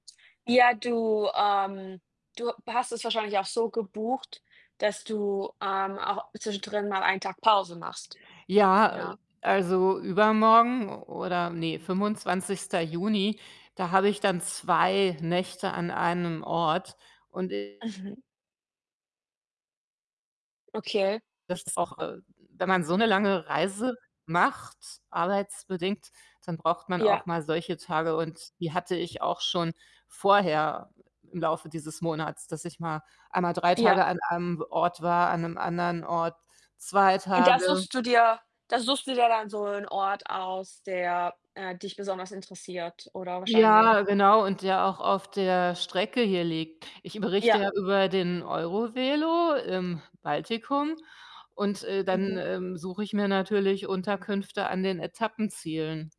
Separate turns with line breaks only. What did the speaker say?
Ja, du ähm, du hast es wahrscheinlich auch so gebucht, dass du, ähm, auch zwischendrin mal ein Tag Pause machst,
Ja, äh,
ja?
also, übermorgen oder, ne, 25. Juni, da habe ich dann 2 Nächte an einem Ort. Und i
Mhm. Okay.
Das ist auch äh, wenn man so eine lange Reise macht, arbeitsbedingt, dann braucht man
Ja.
auch mal solche Tage und die hatte ich auch schon vorher im Laufe dieses Monats, dass ich mal einmal 3
Ja.
Tage an einem w Ort war, an 'nem anderen Ort 2
Und da
Tage.
suchst du dir da suchst du dir dann so 'n Ort aus, der, äh, dich besonders interessiert, oder wahrscheinlich?
Ja, genau, und der auch auf der Strecke hier liegt. Ich berichte
Ja.
ja über den EuroVelo im Baltikum und, äh, dann,
Mhm.
ähm, suche ich mir natürlich Unterkünfte an den Etappenzielen.